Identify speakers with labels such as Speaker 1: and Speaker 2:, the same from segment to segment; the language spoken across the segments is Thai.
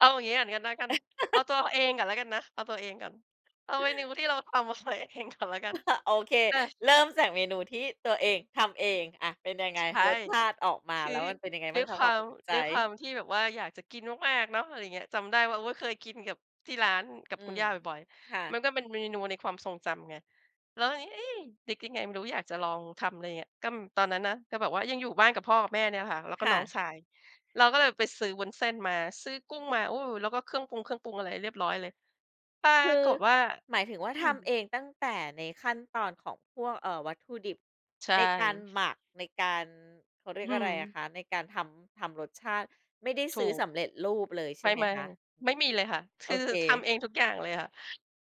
Speaker 1: เอาอย่างงี้ก่อนก็แล้วกัน เอาตัวเองก่อนแล้วกันนะ เอาตัวเองก่อน เอาเมนูที่เราทำ มาใส่เองก่อนละกัน
Speaker 2: โอเค
Speaker 1: อา
Speaker 2: เริ่มจากเมนูที่ตัวเองทำเอง อา เป็นยังไง
Speaker 1: ใช่
Speaker 2: รสชาติออกม
Speaker 1: ค
Speaker 2: า
Speaker 1: ือ
Speaker 2: แล้วมันเป็นยังไง
Speaker 1: ด
Speaker 2: บ
Speaker 1: ้
Speaker 2: ้า
Speaker 1: ว
Speaker 2: ง
Speaker 1: ย
Speaker 2: ค
Speaker 1: ค
Speaker 2: ะ?
Speaker 1: ว
Speaker 2: คว
Speaker 1: า
Speaker 2: าม
Speaker 1: ม
Speaker 2: ประทับใจ
Speaker 1: ด้วยความที่แบบว่าอยากจะกินมาก ๆ เนาะ อะไรอย่างเงี้ย จำได้ว่า โอ๊ย เคยกินกับที่ร้าน กับ
Speaker 2: อื
Speaker 1: คุณ
Speaker 2: ม
Speaker 1: ย่าบ่อย
Speaker 2: ค่
Speaker 1: ๆ ม
Speaker 2: ะ
Speaker 1: ันก็เป็นเมนูในความทรงจำไง แล้วทีนี้ เอ๊ะ นึกยังไงไม่รู้อยากจะลองทำ อะไรอย่างเงี้ย ก็ตอนนั้นนะ ก็แบบว่ายังอยู่บ้านกับพ่อกับแม่เนี่ยค่ะ แล้วก็
Speaker 2: ค่
Speaker 1: น้อง
Speaker 2: ะ
Speaker 1: ชาย เราก็เลยไปซื้อวุ้นเส้นมา ซื้อกุ้งมา โอ้ แล้วก็เครื่องปรุง เครื่องปรุงอะไรเรียบร้อยเลย ปรา
Speaker 2: คือ
Speaker 1: กฏว่า
Speaker 2: หมายถึงว่า
Speaker 1: อื
Speaker 2: ทำ
Speaker 1: ม
Speaker 2: เองตั้งแต่ในขั้นตอนของพวก เอ่อ วัตถุดิบ
Speaker 1: ใช
Speaker 2: ในการ
Speaker 1: ่
Speaker 2: หมัก ในการ เขาเรีย
Speaker 1: อ
Speaker 2: ก
Speaker 1: ื
Speaker 2: อะไรอะ
Speaker 1: ม
Speaker 2: คะ ในการทำ ทำรสชาติ ไม่ได้
Speaker 1: ถ
Speaker 2: ซื
Speaker 1: ู
Speaker 2: ้อส
Speaker 1: ก
Speaker 2: ำเร็จรูปเลยใช
Speaker 1: ไม
Speaker 2: ่ไหม
Speaker 1: ่
Speaker 2: คะ?
Speaker 1: ๆ ไม่มีเลยค่ะ ค
Speaker 2: โอ
Speaker 1: ือ
Speaker 2: เค
Speaker 1: ทำเองทุกอย่างเลยอะค่ะ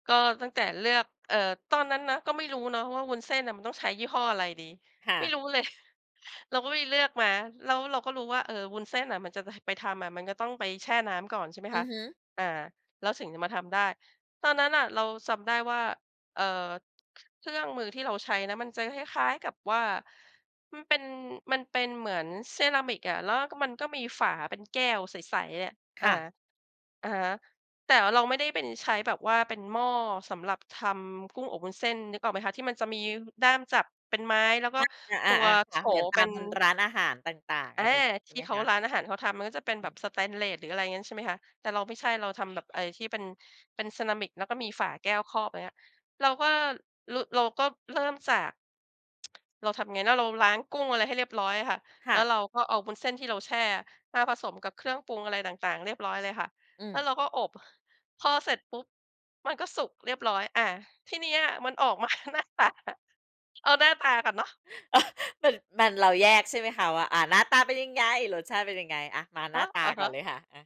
Speaker 1: ก็ตั้งแต่เลือก เออ ตอนนั้นนะก็ไม่รู้เนาะว่าวุ้นเส้นอะมันต้องใช้ยี่ห้ออะไรดี
Speaker 2: ค่
Speaker 1: ไม่
Speaker 2: ะ
Speaker 1: รู้เลย เราก็ไปเลือกมา แล้วเราก็รู้ว่า เออ วุ้นเส้นอะมันจะ ด ไปทำอะ มันก็ต้องไปแช่น้ำก่อน ใช่ไหม
Speaker 2: อ
Speaker 1: ค
Speaker 2: ื
Speaker 1: ะ
Speaker 2: อฮึ
Speaker 1: อา แล้วถึงจะมาทำได้ ตอนนั้นน่ะเราจำได้ว่า เอ่อ เครื่องมือที่เราใช้นะมันจะคล้าย ๆ กับว่า มันเป็น มันเป็นเหมือนเซรามิกอะ ล แล้วมันก็มีฝาเป็นแก้วใส ๆ อะ
Speaker 2: ค
Speaker 1: อา
Speaker 2: ่ะ
Speaker 1: อะฮะ แต่เราไม่ได้เป็น ใช้แบบว่าเป็นหม้อสำหรับทำกุ้งอบวุ้นเส้น นึกออกไหมคะ ที่มันจะมี ย ด้ามจับเป็นไม้ แล้วก็
Speaker 2: อ
Speaker 1: ตัว
Speaker 2: า ๆ ๆ ๆ ค
Speaker 1: โถ
Speaker 2: ่ะ เหมือนต
Speaker 1: เป
Speaker 2: า
Speaker 1: ็
Speaker 2: ม
Speaker 1: น
Speaker 2: มัน ร้านอาหารต่าง ๆ
Speaker 1: อ
Speaker 2: อ
Speaker 1: า
Speaker 2: ะไรอย่างงี้ ใช
Speaker 1: ท
Speaker 2: ่ไ
Speaker 1: ี่
Speaker 2: หม
Speaker 1: เข
Speaker 2: ค
Speaker 1: า
Speaker 2: ะ?
Speaker 1: ร้านอาหารเขาทำมันก็จะเป็น
Speaker 2: อ
Speaker 1: แบ
Speaker 2: ื
Speaker 1: บ
Speaker 2: ม
Speaker 1: สเตนเลส หรืออะไรอย่างงั้น ใช่ไหมคะ แต่เราไม่ใช่ เราทำแบบไอ้ที่เป็น เป็นเซรามิก แล้วก็มีฝาแก้วครอบ อะไรเงี้ย เราก็ ล เราก็เริ่มจาก เราทำยังไงน้อ เราล้างกุ้งอะไรให้เรียบร้อยอะค่ะ
Speaker 2: ค
Speaker 1: แล
Speaker 2: ่
Speaker 1: ้
Speaker 2: ะ
Speaker 1: วเราก็เอาวุ้นเส้นที่เราแช่มาผสมกับเครื่องปรุงอะไรต่าง ๆ เรียบร้อยเลยค่ะ
Speaker 2: อื
Speaker 1: แ
Speaker 2: ม
Speaker 1: ล้วเราก็อบ พอเสร็จปุ๊บ มันก็สุกเรียบร้อย อา ที่เนี้ยมันออกมา หน้าตา เอาหน้าตาก่อนเนาะ
Speaker 2: ม มัน เราแยกใช่ไหมคะว่า อา หน้าตาเป็นยังไง รสชาติเป็นยังไง? อา มาห
Speaker 1: อ
Speaker 2: น้า
Speaker 1: า
Speaker 2: ตา
Speaker 1: อะ
Speaker 2: ก
Speaker 1: ฮ
Speaker 2: ่อน
Speaker 1: ะ
Speaker 2: เลยค่ะ อา